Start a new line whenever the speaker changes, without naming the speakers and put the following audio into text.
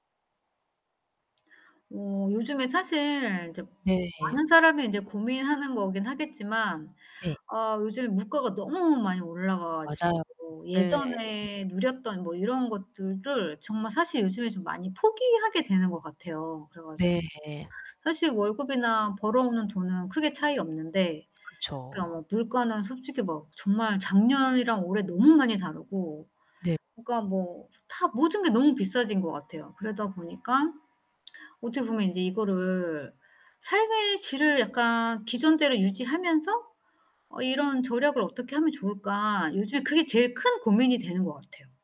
어 요즘에 사실 이제
네.
많은 사람이 인제 고민하는 거긴 하겠지만
네.
아 요즘에 물가가 너무 많이 올라가 가지고
맞아요.
뭐
네.
예전에 누렸던 뭐 이런 것들을 정말 사실 요즘에 좀 많이 포기하게 되는 것 같아요. 그래 가지고
네.
사실 월급이나 벌어오는 돈은 크게 차이 없는데 그러니까
그쵸.
뭐 물가는 솔직히 막 정말 작년이랑 올해 너무 많이 다르고
네.
그러니까 뭐 다 모든 게 너무 비싸진 것 같아요. 그러다 보니까 어떻게 보면 인제 이거를 '삶의 질을 약간 기존대로 유지하면서 어 이런 절약을 어떻게 하면 좋을까.' 요즘에 그게 제일 큰 고민이 되는 것 같아요.